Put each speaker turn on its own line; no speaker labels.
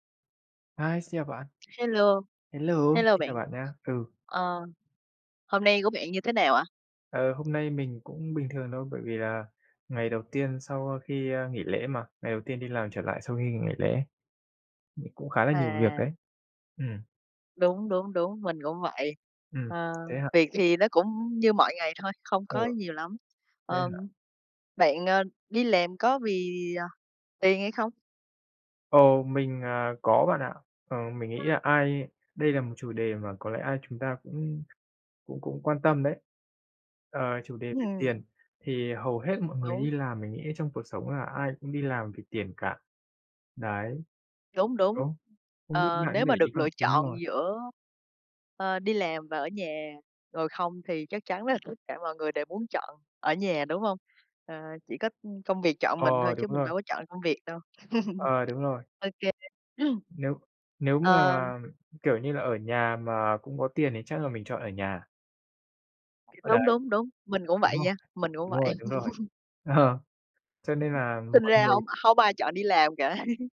Hi, xin chào bạn!
Hello,
Hello,
hello
xin
bạn.
chào bạn nhá! Ừ.
Ờ, hôm nay của bạn như thế nào ạ?
Ờ, hôm nay mình cũng bình thường đâu, bởi vì là ngày đầu tiên sau khi, a, nghỉ lễ mà, ngày đầu tiên đi làm trở lại sau khi nghỉ ngày lễ. Ừ, cũng khá là nhiều việc
À!
đấy. Ừ.
Đúng, đúng, đúng, mình cũng vậy.
Ừ,
Ờ,
thế hả?
việc thì nó cũng như mọi ngày thôi, không
Ờ.
có nhiều lắm.
Thế
Ờ,
hả?
bạn, ờ, đi làm có vì, à, tiền hay không?
Ồ, mình, à, có bạn ạ. Ờ, mình nghĩ là ai đây là một chủ đề mà có lẽ ai chúng ta cũng cũng cũng quan tâm đấy. Ờ, chủ đề về tiền,
Ừm.
thì hầu hết mọi người
Đúng.
đi làm mình nghĩ trong cuộc sống là ai cũng đi làm vì tiền cả. Đấy.
Đúng, đúng,
Đúng, không biết
ờ,
bạn có
nếu
để
mà
ý
được
không?
lựa
Đúng
chọn
rồi.
giữa, ờ, đi làm và ở nhà ngồi không thì chắc chắn là tất cả mọi người đều muốn chọn ở nhà, đúng hông? Ờ, chỉ có, ưm, công việc chọn mình thôi
Ờ, đúng
chứ mình
rồi.
đâu có chọn được công việc đâu.
Ờ, đúng rồi.
Ô kê.
Nếu nếu mà,
Ờ.
kiểu như là, ở nhà mà cũng có tiền thì chắc là mình chọn ở nhà. Ờ,
Đúng,
đấy.
đúng, đúng, mình cũng
Đúng
vậy
rồi,
nha, mình cũng
đúng rồi,
vậy.
đúng rồi. Ờ, cho nên là
Sinh
mọi
ra hông
người
hông ai chọn đi làm cả.